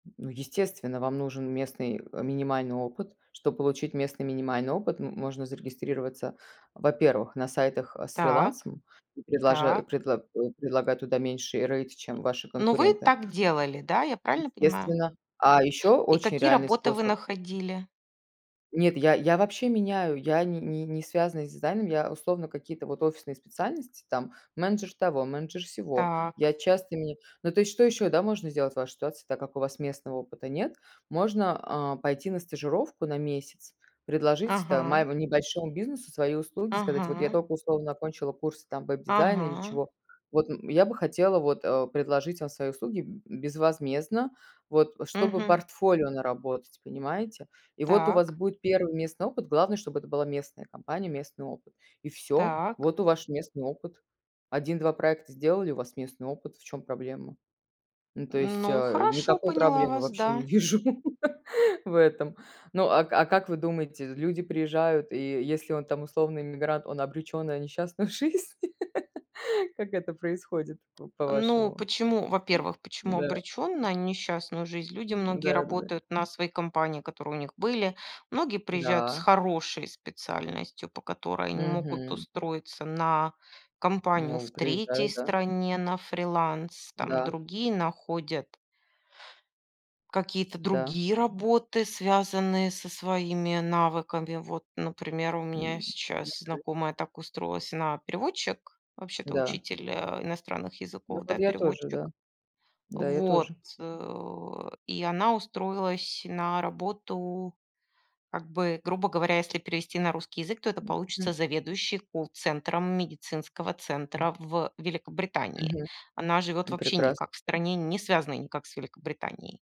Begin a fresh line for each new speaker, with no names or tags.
Ну, естественно, вам нужен местный, э, минимальный опыт. Чтоб получить местный минимальный опыт, м можно зарегистрироваться, во-первых, на сайтах, э, с
Так
фрилансом, предложа
так.
предлага предлагая туда меньший рейт, чем ваши
Ну, вы
конкуренты.
так делали, да, я правильно понимаю?
Естественно. А еще
И
очень
какие
реальный
работы вы
способ
находили?
Нет, я я вообще меняю, я не не не связана с дизайном. Я, условно, какие-то вот офисные специальности, там, менеджер того, менеджер сего.
Так.
Я часто меняю Ну, то есть, что ещё, да, можно сделать в вашей ситуации, так как у вас местного опыта нет. Можно, а, пойти на стажировку на месяц, предложить там
Ага.
маеву небольшому бизнесу свои услуги, сказать: "Вот я
Ага.
только, условно, окончила курсы там веб-дизайна или
Ага.
чего. Вот, м, я бы хотела, вот, э, предложить вам свои услуги, б безвозмездно, вот, чтобы
Мгм.
портфолио наработать, понимаете?" И вот у вас
Так.
будет 1 местный опыт. Главное, чтобы это была местная компания, местный опыт. И всё.
Так.
Вот у ваш местный опыт. 1-2 проекта сделали, у вас местный опыт. В чём проблема? Ну, то есть,
Ну,
э,
хорошо,
никакой
поняла
проблемы
вас,
вообще не
да.
вижу в этом. Ну, а ка а как вы думаете, люди приезжают, и е если он там условный эммигрант, он обречён на несчастную жизнь? Как это происходит п
Ну,
по-вашему?
почему, во-первых, почему
Да.
обречен на несчастную жизнь? Люди многие
Да, да, да.
работают на свои компании, которые у них были. Многие приезжают с
Да.
хорошей специальностью, по которой они могут
Мгм.
устроиться на компанию
Вау.
в 3
Приезжают. Да.
стране на фриланс. Там
Да.
другие находят какие-то
Да.
другие работы, связанные со своими навыками. Вот, например, у меня сейчас
[unintelligible]
знакомая так устроилась. Она- переводчик, вообще-то
Да.
учитель, э, иностранных
Ну,
языков, да,
вот я тоже,
переводчик.
да. Да, я
Вот,
тоже.
э, и она устроилась на работу, как бы, грубо говоря, если перевести на русский язык, то это получится
М.
заведующей колл-центром медицинского
М.
центра в Великобритании.
Мгм.
Она живет
Ну,
вообще
прекрасно.
никак в стране, не связанной никак с Великобританией.